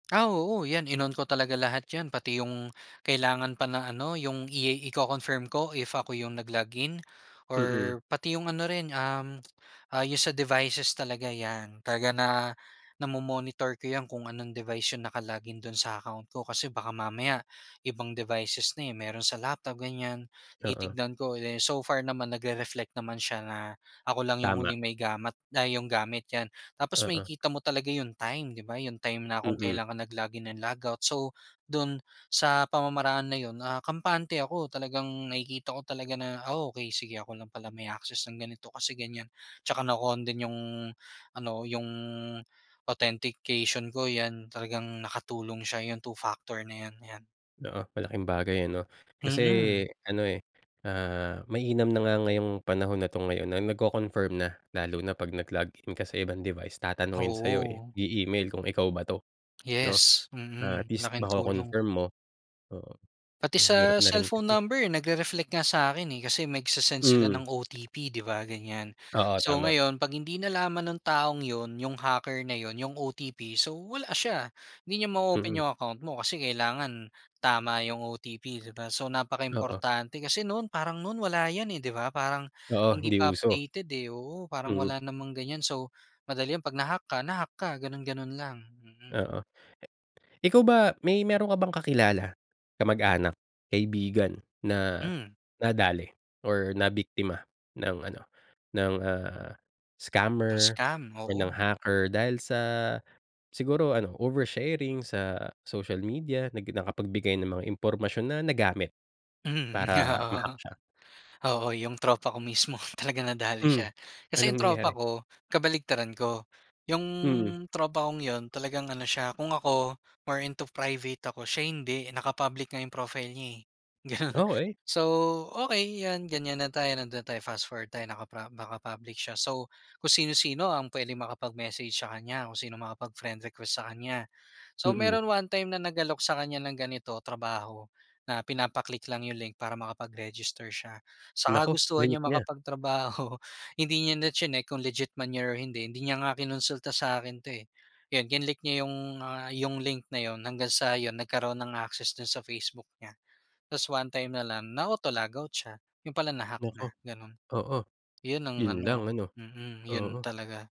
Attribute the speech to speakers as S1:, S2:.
S1: Ah, oo, yan, in-on ko talaga lahat yan, pati yung kailangan pa na ano, yung i iko-confirm ko if ako yung nag-log in
S2: Mm.
S1: or pati yung ano rin, um, ah, yun sa devices talaga, yan. Talaga na namo-monitor ko yan, kung anong device yung naka-log in do'n sa account ko, kasi baka mamaya ibang devices na, eh, meron sa laptop, ganyan,
S2: Oo.
S1: titignan ko. Eh, so far naman, nagre-reflect naman siya na ako lang yung
S2: Tama.
S1: huling may gamat ay yung gamit, yan. Tapos
S2: Oo.
S1: makikita mo talaga yung time, di ba? Yung time na kung
S2: Mm.
S1: kailan ka nag-log in and log out, so do'n sa pamamaraan na yun, ah, kampante ako. Talagang nakikita ko talaga na, ah, okey, sige, ako lang pala may access ng ganito kasi ganyan, tsaka naka-on din yung ano, yung authentication ko, yan. Talagang nakatulong siya, yung two factor na yan, yan.
S2: Oo, malaking bagay ano? Kasi
S1: Mm.
S2: ano, eh, ah, mainam na nga ngayong panahon na 'to ngayon na nagko-confirm na. Lalo na 'pag nag-log in ka sa ibang device, tatanungin sa'yo, eh,
S1: Oo.
S2: i-email kung ikaw ba 'to, 'no?
S1: Yes,
S2: Ah, at
S1: mm.
S2: least
S1: Laking tulong.
S2: mako-confirm mo. Oo.
S1: Pati sa
S2: Mahirap na rin
S1: cellphone
S2: kasi.
S1: number nagre-reflect nga sa akin, eh, kasi nagsi-send sila
S2: Mm.
S1: ng OTP, di ba? Ganyan.
S2: Oo,
S1: So
S2: tama.
S1: ngayon, 'pag hindi nalaman ng taong yun, yung hacker na yun, yung OTP, so wala siya, hindi niya ma-o-open
S2: Mhm.
S1: yung account mo kasi kailangan tama yung OTP, di ba? So
S2: Oo.
S1: napaka-importante. Kasi noon, parang noon wala yan, eh, di ba? Parang
S2: Oo,
S1: hindi
S2: hindi
S1: pa
S2: uso.
S1: updated, eh, oo. Parang
S2: Mm.
S1: wala namang ganyan, so madali yan 'pag na-hack ka, na-hack ka ganon-ganon lang. Mm.
S2: Oo. Ikaw ba may meron ka bang kakilala, kamag-anak, kaibigan, na
S1: Hmm.
S2: nadali or nabiktima ng ano, ng, ah, scammer
S1: Na-scam,
S2: or ng
S1: oo.
S2: hacker dahil sa siguro ano, oversharing sa social media, nag nakapagbigay ng mga impormasyon na nagamit
S1: Mhm,
S2: para
S1: oo.
S2: ma-hack siya?
S1: Oo, yung tropa ko mismo talagang nadali
S2: Hmm,
S1: siya. Kasi
S2: anong
S1: yung
S2: nangyari?
S1: tropa ko, kabaliktaran ko. Yung
S2: Mm.
S1: tropa kong yun, talagang ano siya, kung ako, more into private ako, siya hindi. Naka-public nga yung profile niya, eh, gano'n.
S2: Okey.
S1: So okey, yan, ganyan na tayo, nando'n na tayo, fast forward na tayo, nakapra naka public siya. So, kung sino-sino ang pwedeng makapag-message sa kanya, kung sino makapag-friend request sa kanya. So,
S2: Mm.
S1: meron one time na nag-alok sa kanya ng ganito, trabaho, na pinapa-click lang yung link para makapag-register siya, sa
S2: Naku,
S1: kagustuhan
S2: klinik
S1: niyang
S2: niya.
S1: makapagtrabaho, hindi niya na chineck kung legit man yan or hindi. Hindi niya nga kinonsulta sa akin 'to, eh. Yun, kinlick niya yung, ah, yung link na yun hanggang sa yun, nagkaroon ng access do'n sa Facebook niya. Tas one time na lang na-auto log-out siya, yun pala na-hack
S2: Naku.
S1: na, gano'n.
S2: Oo.
S1: Yun ang
S2: Yun lang
S1: ano
S2: ano,
S1: mm, yun
S2: oo.
S1: talaga.